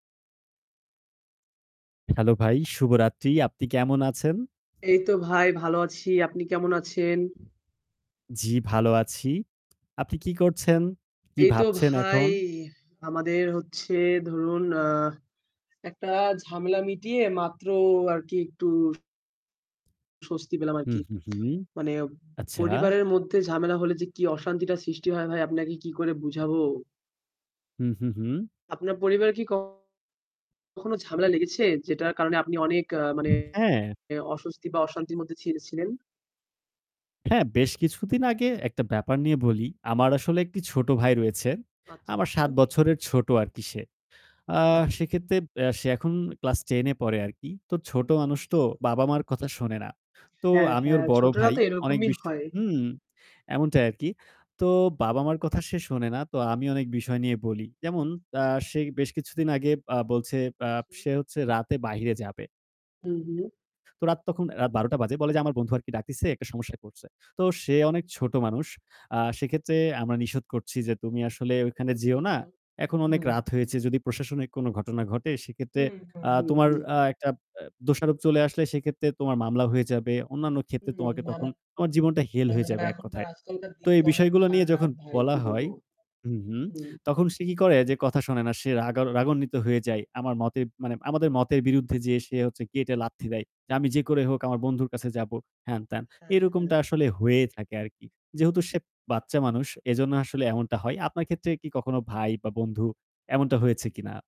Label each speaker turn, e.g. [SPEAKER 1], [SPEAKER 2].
[SPEAKER 1] Hello! ভাই শুভরাত্রি। আপনি কেমন আছেন?
[SPEAKER 2] এই তো ভাই, ভালো আছি। আপনি কেমন আছেন?
[SPEAKER 1] জি ভালো আছি। আপনি কি করছেন? কি
[SPEAKER 2] এই তো
[SPEAKER 1] ভাবছেন
[SPEAKER 2] ভাই,
[SPEAKER 1] এখন?
[SPEAKER 2] আমাদের হচ্ছে ধরুন, আ একটা ঝামেলা মিটিয়ে মাত্র আরকি একটু স্বস্তি পেলাম
[SPEAKER 1] হুম,
[SPEAKER 2] আরকি।
[SPEAKER 1] হুম, হুম।
[SPEAKER 2] মানে
[SPEAKER 1] আচ্ছা।
[SPEAKER 2] পরিবারের মধ্যে ঝামেলা হলে যে কি অশান্তিটা সৃষ্টি হয় ভাই আপনাকে কি করে বুঝাবো?
[SPEAKER 1] হুম, হুম, হুম।
[SPEAKER 2] আপনার পরিবারে কি কখনো ঝামেলা লেগেছে যেটার কারণে আপনি অনেক মানে
[SPEAKER 1] হ্যাঁ।
[SPEAKER 2] অস্বস্তি বা অশান্তির মধ্যে ছি ছিলেন?
[SPEAKER 1] হ্যাঁ, বেশ কিছুদিন আগে একটা ব্যাপার নিয়ে বলি, আমার আসলে একটি ছোট ভাই রয়েছে।
[SPEAKER 2] আচ্ছা,
[SPEAKER 1] আমার ৭
[SPEAKER 2] আচ্ছা।
[SPEAKER 1] বছরের ছোট আরকি সে। আ
[SPEAKER 2] আচ
[SPEAKER 1] সেক্ষেত্রে বে সে এখন ক্লাস 10 এ পড়ে আরকি। তো ছোট মানুষ তো বাবা-মার কথা শোনে না। তো
[SPEAKER 2] হ্যাঁ,
[SPEAKER 1] আমি ওর
[SPEAKER 2] হ্যাঁ,
[SPEAKER 1] বড়
[SPEAKER 2] ছোটরা
[SPEAKER 1] ভাই।
[SPEAKER 2] তো
[SPEAKER 1] অনেক
[SPEAKER 2] এরকমই
[SPEAKER 1] বিষ
[SPEAKER 2] হয়।
[SPEAKER 1] হুম, এমনটাই আরকি। তো বাবা-মার কথা সে শোনে না। তো আমি অনেক বিষয় নিয়ে বলি। যেমন আ সে বেশ কিছুদিন আগে আ বলছে, বা
[SPEAKER 2] আচ্ছা।
[SPEAKER 1] সে হচ্ছে রাতে বাইরে যাবে
[SPEAKER 2] হুম, হুম।
[SPEAKER 1] তো রাত তখন রাত ১২ঃ০০ বাজে। বলে যে আমার বন্ধু আরকি ডাকতেছে, একটা সমস্যায় পড়ছে। তো সে অনেক ছোট মানুষ। আ সেক্ষেত্রে আমরা নিষেধ করছি যে, "তুমি আসলে ওখানে
[SPEAKER 2] আচ্ছা,
[SPEAKER 1] যেও না।
[SPEAKER 2] আচ্ছা।
[SPEAKER 1] এখন অনেক
[SPEAKER 2] হুম।
[SPEAKER 1] রাত হয়েছে। যদি প্রশাসনিক কোনো ঘটনা ঘটে সেক্ষেত্রে
[SPEAKER 2] হুম, হুম,
[SPEAKER 1] আ
[SPEAKER 2] হুম,
[SPEAKER 1] তোমার
[SPEAKER 2] হুম।
[SPEAKER 1] আ একটা আ দোষারোপ চলে আসলে সেক্ষেত্রে তোমার মামলা হয়ে যাবে। অন্যান্য ক্ষেত্রে
[SPEAKER 2] হুম।
[SPEAKER 1] তোমাকে
[SPEAKER 2] না,
[SPEAKER 1] তখন, তোমার জীবনটা হেল হয়ে
[SPEAKER 2] না
[SPEAKER 1] যাবে
[SPEAKER 2] এখনকার
[SPEAKER 1] এককথায়।"
[SPEAKER 2] আজকালকার
[SPEAKER 1] তো
[SPEAKER 2] দিন
[SPEAKER 1] এই
[SPEAKER 2] তো অনেক
[SPEAKER 1] বিষয়গুলা নিয়ে
[SPEAKER 2] খারাপ
[SPEAKER 1] যখন
[SPEAKER 2] ভাই কি
[SPEAKER 1] বলা হয়
[SPEAKER 2] বলবো?
[SPEAKER 1] হুম, হুম।
[SPEAKER 2] হুম।
[SPEAKER 1] তখন সে কি করে, যে কথা শোনে না। সে রাগা রাগান্বিত হয়ে যায়। আমার মতের মানে আমাদের মতের বিরুদ্ধে যেয়ে সে হচ্ছে গেটে লাথি দেয় যে "আমি যে করে হোক আমার বন্ধুর কাছে যাব," হ্যাঁন-ত্যান।
[SPEAKER 2] হ্যাঁ,
[SPEAKER 1] এরকমটা
[SPEAKER 2] হ্যাঁ।
[SPEAKER 1] আসলে হয়েই থাকে আরকি। যেহেতু সে বাচ্চা মানুষ এজন্য আসলে এমনটা হয়। আপনার ক্ষেত্রে কি কখনো ভাই বা বন্ধু এমনটা হয়েছে কিনা?